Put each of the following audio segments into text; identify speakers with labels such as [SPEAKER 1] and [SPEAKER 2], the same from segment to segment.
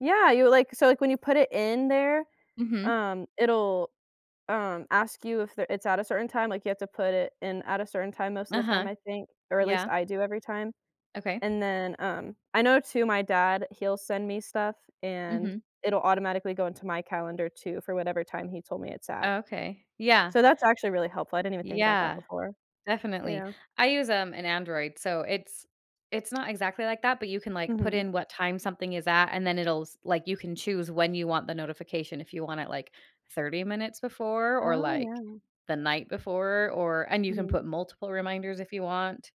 [SPEAKER 1] Yeah, you like, so, like, when you put it in there,
[SPEAKER 2] Mhm.
[SPEAKER 1] um, it'll, um, ask you if there it's at a certain time, like, you have to put it in at a certain time most of the time,
[SPEAKER 2] Uh-huh,
[SPEAKER 1] I think, or at least
[SPEAKER 2] yeah.
[SPEAKER 1] I do every time.
[SPEAKER 2] Okay.
[SPEAKER 1] And then, um, I know, too, my dad, he'll send me stuff, and
[SPEAKER 2] Mhm.
[SPEAKER 1] it'll automatically go into my calendar too, for whatever time he told me it's at.
[SPEAKER 2] Oh, okay, yeah.
[SPEAKER 1] So, that's actually really helpful, I didn't even think about that
[SPEAKER 2] Yeah,
[SPEAKER 1] before.
[SPEAKER 2] definitely.
[SPEAKER 1] Yeah.
[SPEAKER 2] I use, um, an Android, so it's it's not exactly like that, but you can like put
[SPEAKER 1] Mhm.
[SPEAKER 2] in what time something is at, and then it'll s like, you can choose when you want the notification, if you want it like, 30 minutes before, or
[SPEAKER 1] Oh,
[SPEAKER 2] like,
[SPEAKER 1] yeah.
[SPEAKER 2] the night before, or and you can
[SPEAKER 1] Mhm.
[SPEAKER 2] put multiple reminders if you want.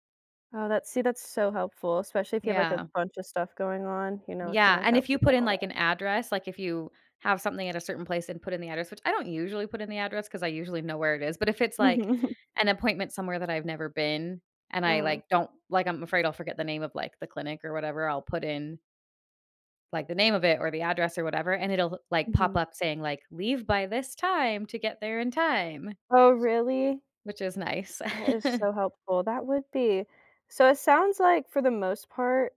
[SPEAKER 1] Oh, that's see, that's so helpful, especially if you have like a
[SPEAKER 2] Yeah.
[SPEAKER 1] buncha stuff going on, you know, it can,
[SPEAKER 2] Yeah,
[SPEAKER 1] like,
[SPEAKER 2] and
[SPEAKER 1] help
[SPEAKER 2] if you
[SPEAKER 1] you
[SPEAKER 2] put
[SPEAKER 1] get
[SPEAKER 2] in
[SPEAKER 1] all
[SPEAKER 2] like
[SPEAKER 1] that.
[SPEAKER 2] an address, like if you have something at a certain place and put in the address, which I don't usually put in the address, 'cause I usually know where it is, but if it's like
[SPEAKER 1] Mhm.
[SPEAKER 2] an appointment somewhere that I've never been, and I
[SPEAKER 1] Uh-huh.
[SPEAKER 2] like don't like, I'm afraid I'll forget the name of like the clinic or whatever, I'll put in like the name of it, or the address or whatever, and it'll like pop
[SPEAKER 1] Mhm.
[SPEAKER 2] up saying like, "Leave by this time to get there in time."
[SPEAKER 1] Oh, really?
[SPEAKER 2] Which is nice.
[SPEAKER 1] That is so helpful. That would be. So it sounds like, for the most part,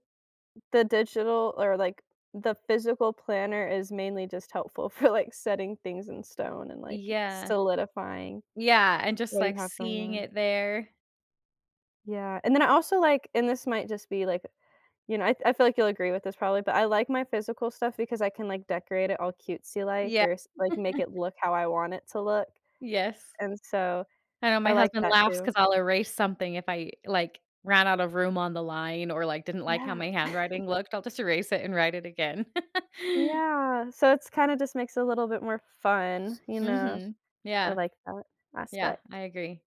[SPEAKER 1] the digital, or, like, the physical planner is mainly just helpful for like, setting things in stone, and, like,
[SPEAKER 2] Yeah.
[SPEAKER 1] solidifying,
[SPEAKER 2] Yeah, and just
[SPEAKER 1] what do you
[SPEAKER 2] like
[SPEAKER 1] have going
[SPEAKER 2] seeing
[SPEAKER 1] on.
[SPEAKER 2] it there.
[SPEAKER 1] Yeah. And then I also, like, and this might just be, like, you know, I I feel like you'll agree with this probably, but I like my physical stuff, because I can, like, decorate it all cutesy like
[SPEAKER 2] Yeah.
[SPEAKER 1] or s like, or make it look how I want it to look.
[SPEAKER 2] Yes.
[SPEAKER 1] And so,
[SPEAKER 2] I know
[SPEAKER 1] I
[SPEAKER 2] my
[SPEAKER 1] like
[SPEAKER 2] husband
[SPEAKER 1] that,
[SPEAKER 2] laughs, 'cause
[SPEAKER 1] too.
[SPEAKER 2] I'll erase something if I. like, ran out of room on the line, or, like, didn't like how
[SPEAKER 1] Yeah.
[SPEAKER 2] my handwriting looked, I'll just erase it and write it again.
[SPEAKER 1] Yeah. So it's kinda just makes it a little bit more fun, you know.
[SPEAKER 2] Mhm,
[SPEAKER 1] I
[SPEAKER 2] yeah.
[SPEAKER 1] like that
[SPEAKER 2] Yeah, I
[SPEAKER 1] aspect.
[SPEAKER 2] agree.